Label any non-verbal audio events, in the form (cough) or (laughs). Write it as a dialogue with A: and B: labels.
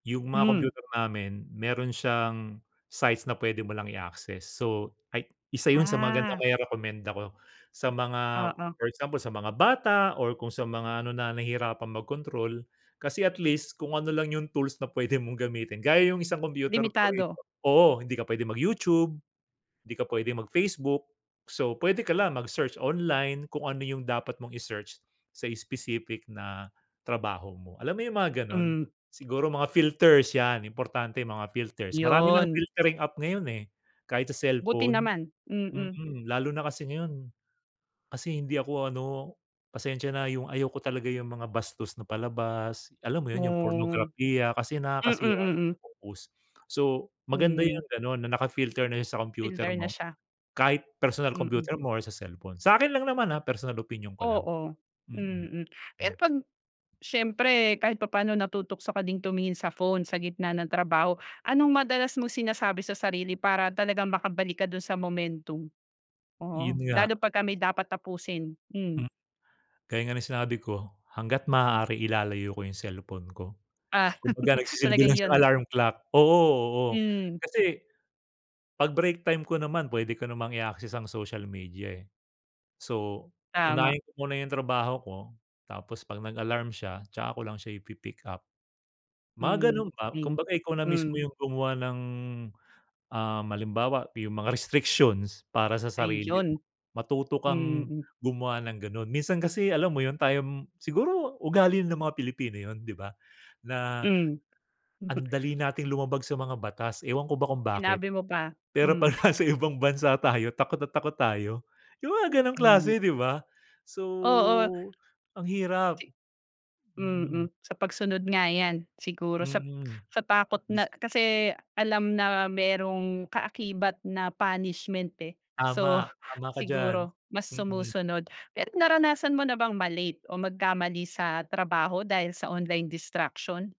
A: 'Yung mga
B: Hmm.
A: kompyuter namin meron siyang sites na pwede mo lang i access. So, ay isa 'yun sa magandang
B: Ah.
A: mairekomenda ko sa mga
B: Oo.
A: for example, sa mga bata or kung sa mga ano, na nahihirapan mag-control. Kasi at least, kung ano lang 'yung tools na pwede mong gamitin, gaya 'yung isang kompyuter ko rito.
B: Limitado.
A: Oo, hindi ka pwede mag YouTube, 'di ka pwedeng mag-Facebook. So, pwede ka lang mag-search online kung ano 'yung dapat mong i-search sa specific na trabaho mo. Alam mo 'yung mga ganon?
B: Hmm.
A: Siguro mga filters, yan importante 'yung mga filters. Marami ng
B: 'Yon.
A: filtering app ngayon, eh, kahit sa
B: Buti
A: cellphone.
B: naman. Mm.
A: Mm, lalo na kasi ngayon kasi hindi ako ano, pasensya na, 'yung ayaw ko talaga 'yung mga bastos na palabas, alam mo 'yun, 'yung
B: Hmm.
A: pornograpiya kasi
B: Mm,
A: nakakasira ng
B: mm.
A: focus. So, maganda
B: Hmm.
A: 'yung gano'n na naka-filter na 'yun sa computer
B: Filter na
A: mo.
B: siya.
A: Kahit personal
B: Mm.
A: computer mo or sa cellphone. Sa akin lang naman ah, personal opinion ko lang.
B: Oo.
A: Mm.
B: Mm. Pero
A: Mm.
B: 'pag syempre kahit papaano natutukso ka ding tumingin sa phone sa gitna ng trabaho. Anong madalas mong sinasabi sa sarili para talagang makabalik ka dun sa momentum?
A: 'Yun
B: Oo.
A: nga.
B: Lalo 'pagka may dapat tapusin? Hmm.
A: Hmm. Gaya nga ng sinabi ko, hangga't maaari ilalayo ko 'yung cellphone ko.
B: Ah.
A: Kumbaga,
B: (laughs)
A: nagsisilbi
B: Talagang
A: lang siyang
B: 'yun.
A: alarm clock. Oo oo.
B: Hmm.
A: Kasi 'pag break time ko naman pwede ko namang i-access ang social media, eh. So,
B: Tama
A: unahin ko muna 'yung trabaho ko, tapos 'pag nag-alarm siya, tsaka ko lang siya ipi-pick-up. Mga
B: Hmm,
A: ganun ba.
B: hmm,
A: Kumbaga, ikaw na mismo
B: hmm.
A: 'yung gumawa ng, um, halimbawa, 'yung mga restrictions para sa sarili mo.
B: Ayun!
A: Matuto kang
B: Mm.
A: gumawa ng ganon. Minsan kasi alam mo 'yun tayong siguro ugali ng mga Pilipino 'yun, 'di ba? Na
B: Hmm.
A: ang
B: (chuckles)
A: dali nating lumabag sa mga batas, ewan ko ba kung bakit.
B: Sinabi mo pa,
A: Pero 'pag
B: hmm.
A: nasa ibang bansa tayo takot na takot tayo. 'Yung mga gano'ng
B: Ay.
A: klase, 'di ba? So,
B: Oo.
A: ang hirap.
B: Si
A: Mm.
B: Mm. Sa pagsunod nga yan. Siguro sa
A: Mm.
B: sa takot na
A: Dis
B: kasi alam na merong kaakibat na punishment, eh. So,
A: Tama, tama ka diyan.
B: siguro mas
A: Mm.
B: sumusunod. Pero naranasan mo na bang ma-late o magkamali sa trabaho dahil sa online distraction?